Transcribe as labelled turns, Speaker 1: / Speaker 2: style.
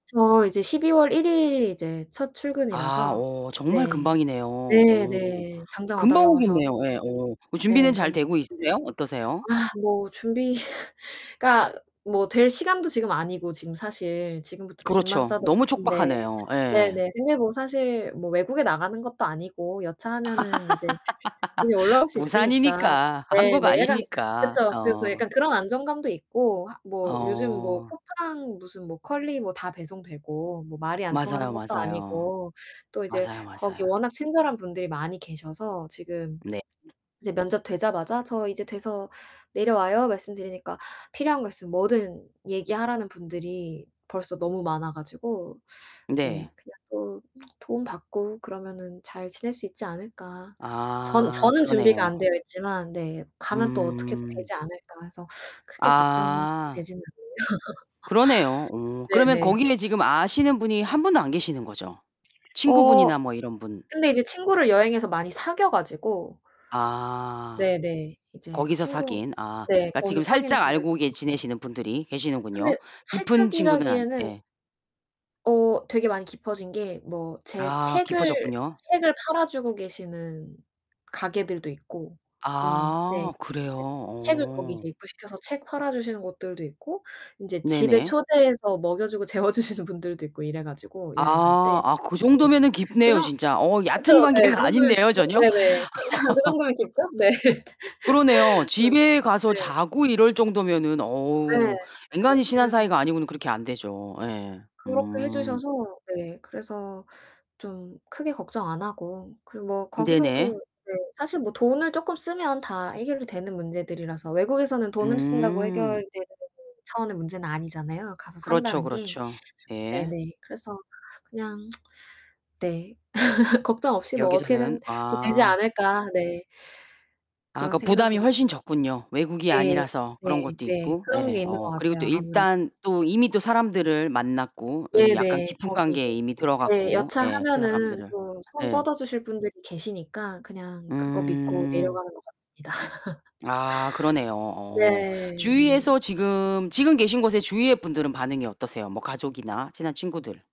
Speaker 1: 저 이제 12월 1 일이 이제 첫
Speaker 2: 아
Speaker 1: 출근이라서
Speaker 2: 오 정말
Speaker 1: 네.
Speaker 2: 금방이네요. 오.
Speaker 1: 네네. 당장 와
Speaker 2: 금방
Speaker 1: 달라고 하셔가지
Speaker 2: 오겠네요. 예. 어. 그 준비는
Speaker 1: 네,
Speaker 2: 잘
Speaker 1: 너무 좋
Speaker 2: 되고 있으세요? 어떠세요?
Speaker 1: [unintelligible] 아 뭐 준비가 뭐 될 시간도 지금 아니고 지금 사실 지금부터 짐만
Speaker 2: 그렇죠.
Speaker 1: 싸도
Speaker 2: 너무
Speaker 1: 바쁜데
Speaker 2: 촉박하네요. 예.
Speaker 1: 네네. 근데 뭐 사실 뭐 외국에 나가는 것도 아니고 여차하면은 이제 집에 올라올 수 있으니까
Speaker 2: 부산이니까 한국
Speaker 1: 네네 약간
Speaker 2: 안이니까.
Speaker 1: 그쵸. 그래서
Speaker 2: 어.
Speaker 1: 약간 그런 안정감도 있고 하 뭐 요즘 뭐
Speaker 2: 어.
Speaker 1: 쿠팡 무슨 뭐 컬리 뭐 다 배송되고 뭐 말이 안 통하는
Speaker 2: 맞아요,
Speaker 1: 것도
Speaker 2: 맞아요.
Speaker 1: 아니고 또 이제
Speaker 2: 맞아요,
Speaker 1: 거기
Speaker 2: 맞아요.
Speaker 1: 워낙 친절한 분들이 많이 계셔서 지금
Speaker 2: 네.
Speaker 1: 이제 면접 되자마자 "저 이제 돼서 내려와요." 말씀드리니까 필요한 거 있으면 뭐든 얘기하라는 분들이 벌써 너무 많아 가지고 네
Speaker 2: 네.
Speaker 1: 그냥 뭐 '도움 받고 그러면은 잘 지낼 수 있지 않을까.' 전
Speaker 2: 아
Speaker 1: 저는 준비가
Speaker 2: 그러네요.
Speaker 1: 안 되어 있지만 네 '가면 또 어떻게든
Speaker 2: 음.
Speaker 1: 되지 않을까.' 해서 크게
Speaker 2: 아.
Speaker 1: 걱정되지는
Speaker 2: 그러네요. 어
Speaker 1: 않아요.
Speaker 2: 그러면
Speaker 1: 네네.
Speaker 2: 거기에 지금 아시는 분이 한 분도 안 계시는 거죠?
Speaker 1: 어
Speaker 2: 친구분이나 뭐 이런 분.
Speaker 1: 근데 이제 친구를 여행에서 많이 사귀어 가지고
Speaker 2: 아.
Speaker 1: 네네. 이제
Speaker 2: 거기서
Speaker 1: 친구
Speaker 2: 사귄. 아
Speaker 1: 네
Speaker 2: 그니까
Speaker 1: 거기서
Speaker 2: 지금
Speaker 1: 사귄
Speaker 2: 살짝
Speaker 1: 분들도
Speaker 2: 알고 계
Speaker 1: 많아요.
Speaker 2: 지내시는 분들이
Speaker 1: 근데
Speaker 2: 계시는군요. 깊은 친구는 아니
Speaker 1: 살짝이라기에는
Speaker 2: 예.
Speaker 1: 어 되게 많이 깊어진 게 뭐 제
Speaker 2: 아,
Speaker 1: 책을
Speaker 2: 깊어졌군요.
Speaker 1: 책을 팔아 주고 계시는 가게들도 있고 이미 네.
Speaker 2: 아 그래요?
Speaker 1: 제 책을 거기 이제
Speaker 2: 어.
Speaker 1: 입고시켜서 책 팔아 주시는 곳들도 있고 인제 집에
Speaker 2: 네네.
Speaker 1: 초대해서 먹여 주고 재워 주시는 분들도 있고 이래 가지고 여행 갈 때.
Speaker 2: 아. 아, 그
Speaker 1: 네.
Speaker 2: 정도면은 깊네요,
Speaker 1: 그래서
Speaker 2: 진짜. 어,
Speaker 1: 그쵸,
Speaker 2: 얕은
Speaker 1: 네, 그
Speaker 2: 관계가
Speaker 1: 정도면
Speaker 2: 아닌데요,
Speaker 1: 좋죠.
Speaker 2: 전혀.
Speaker 1: 네네. 그죠, 그 정도면 깊죠? 네.
Speaker 2: 그러네요.
Speaker 1: 그래서
Speaker 2: 집에 가서
Speaker 1: 네.
Speaker 2: 자고 이럴 정도면은
Speaker 1: 네.
Speaker 2: 어우
Speaker 1: 네,
Speaker 2: 엔간히 친한
Speaker 1: 집에서
Speaker 2: 사이가 아니고는 그렇게 안 되죠. 예.
Speaker 1: 그렇게 해
Speaker 2: 음.
Speaker 1: 주셔서 네 그래서 좀 크게 걱정 안 하고 그리고 뭐
Speaker 2: 네네.
Speaker 1: 거기서도 네 사실 뭐 돈을 쪼끔 쓰면 다 해결이 되는 문제들이라서 외국에서는 돈을 쓴다고
Speaker 2: 음.
Speaker 1: 해결되는 [unintelligible] 차원의 문제는 아니잖아요, 가서
Speaker 2: 그렇죠,
Speaker 1: 산다는 게.
Speaker 2: 그렇죠. 예.
Speaker 1: 네네. 그래서 그냥 네 걱정 없이 뭐
Speaker 2: 여기서는
Speaker 1: 어떻게든 또 되지
Speaker 2: 아.
Speaker 1: 않을까. 네.
Speaker 2: 아
Speaker 1: 그런
Speaker 2: 그러니까 부담이
Speaker 1: 생각으로
Speaker 2: 훨씬 적군요. 외국이
Speaker 1: 네,
Speaker 2: 아니라서 그런
Speaker 1: 네
Speaker 2: 것도
Speaker 1: 네.
Speaker 2: 있고.
Speaker 1: 그런 게
Speaker 2: 예.
Speaker 1: 있는 것
Speaker 2: 어 그리고 또
Speaker 1: 같아요, 아무래도.
Speaker 2: 일단 또 이미 또 사람들을 만났고 이 약간
Speaker 1: 네네.
Speaker 2: 깊은
Speaker 1: 거기 이제
Speaker 2: 관계에 이미
Speaker 1: 네.
Speaker 2: 들어갔고. 예. 그
Speaker 1: 여차하면은
Speaker 2: 사람들을.
Speaker 1: 또 손
Speaker 2: 예.
Speaker 1: 뻗어주실 분들이 계시니까 그냥 그거 믿고
Speaker 2: 음.
Speaker 1: 내려가는 것 같습니다.
Speaker 2: 아 그러네요. 어.
Speaker 1: 네네.
Speaker 2: 주위에서 지금 지금 계신 곳의 주위의 분들은 반응이 어떠세요? 뭐 가족이나 친한 친구들.